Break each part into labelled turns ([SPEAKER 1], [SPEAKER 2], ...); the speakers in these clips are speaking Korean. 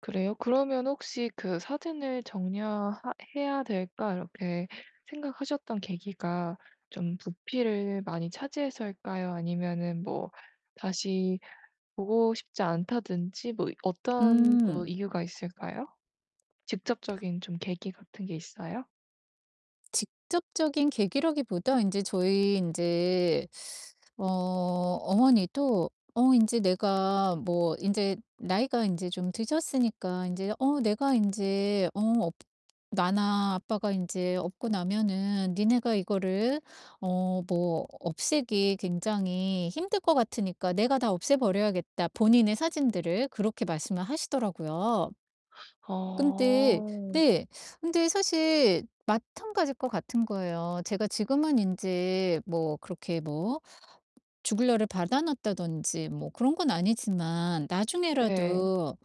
[SPEAKER 1] 그래요? 그러면 혹시 그 '사진을 정리 하 해야 될까.' 이렇게 생각하셨던 계기가 좀 부피를 많이 차지해서일까요, 아니면은 뭐 다시 보고 싶지 않다든지 뭐 어떤 그
[SPEAKER 2] 음.
[SPEAKER 1] 이유가 있을까요? 직접적인 좀 계기 같은 게 있어요?
[SPEAKER 2] 직접적인 계기라기 보다 인제 저희 인제 어 어머니도 어 인제 내가 뭐 인제 나이가 인제 좀 드셨으니까 인제 어 "내가 인제 어 업 나나 아빠가 인제 없고 나면은 너네가 이거를 어 뭐 없애기 굉장히 힘들 것 같으니까 내가 다 없애 버려야겠다." 본인의 사진들을 그렇게 말씀을 하시더라고요. 근데
[SPEAKER 1] 아.
[SPEAKER 2] 네. 근데 사실 마찬가지일 것 같은 거예요. 제가 지금은 인제 뭐 그렇게 뭐 죽을 날을 받아 놨다든지 뭐 그런 건 아니지만
[SPEAKER 1] 네.
[SPEAKER 2] 나중에라도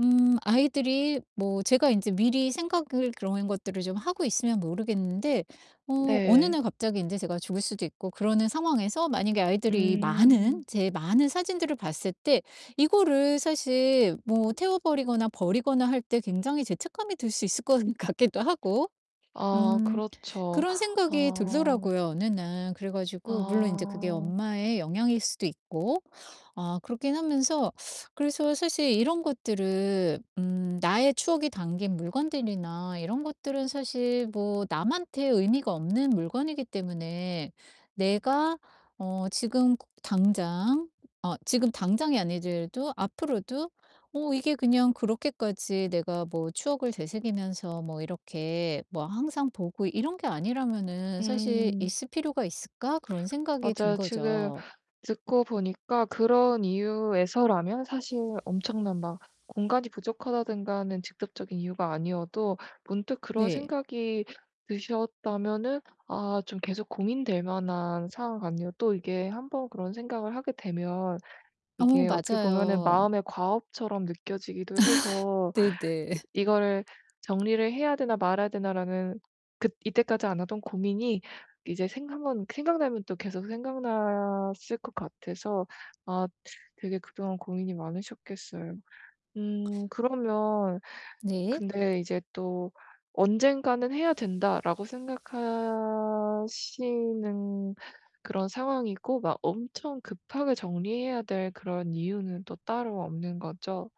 [SPEAKER 2] 음 아이들이 뭐 제가 인제 미리 생각을 그런 것들을 좀 하고 있으면 모르겠는데 어 어느
[SPEAKER 1] 네.
[SPEAKER 2] 날 갑자기 인제 제가 죽을 수도 있고 그러는 상황에서 만약에 아이들이
[SPEAKER 1] 음.
[SPEAKER 2] 많은, 제 많은 사진들을 봤을 때 이거를 사실 뭐 태워 버리거나 버리거나 할 때 굉장히 죄책감이 들 수 있을 것 같기도 하고.
[SPEAKER 1] 아
[SPEAKER 2] 음
[SPEAKER 1] 그렇죠.
[SPEAKER 2] 그런 생각이
[SPEAKER 1] 아.
[SPEAKER 2] 들더라고요, 어느 날. 그래 가지고 물론 인제 그게
[SPEAKER 1] 아.
[SPEAKER 2] 엄마의 영향일 수도 있고. 아 그렇긴 하면서 그래서 사실 이런 것들은 음 나의 추억이 담긴 물건들이나 이런 것들은 사실 뭐 남한테 의미가 없는 물건이기 때문에 '내가 어 지금 그 당장 어 지금 당장이 아니더라도 앞으로도 어 이게 그냥 그렇게까지 내가 뭐 추억을 되새기면서 뭐 이렇게 뭐 항상 보고 이런 게 아니라면은 사실
[SPEAKER 1] 음.
[SPEAKER 2] 있을 필요가 있을까?' 그런 생각이 든
[SPEAKER 1] 맞아요. 지금
[SPEAKER 2] 거죠.
[SPEAKER 1] 듣고 보니까 그런 이유에서라면 사실 엄청난 막 공간이 부족하다든가 하는 직접적인 이유가 아니어도 문득 그런
[SPEAKER 2] 네.
[SPEAKER 1] 생각이 드셨다면은 아 좀 계속 고민될 만한 상황 같네요. 또 이게 1 번 그런 생각을 하게 되면
[SPEAKER 2] 어,
[SPEAKER 1] 이게 어떻게 보면
[SPEAKER 2] 맞아요.
[SPEAKER 1] 마음의 과업처럼 느껴지기도 해서
[SPEAKER 2] 네 네.
[SPEAKER 1] 그 '이거를 정리를 해야 되나 말아야 되나.'라는 그 이때까지 안 하던 고민이 이제 생각만 생각나면 또 계속 생각났을 것 같아서 아 되게 그동안 고민이 많으셨겠어요. 음 그러면
[SPEAKER 2] 네.
[SPEAKER 1] 근데 이제 또 '언젠가는 해야 된다.'라고 생각하시는 그런 상황이고 막 엄청 급하게 정리해야 될 그런 이유는 또 따로 없는 거죠?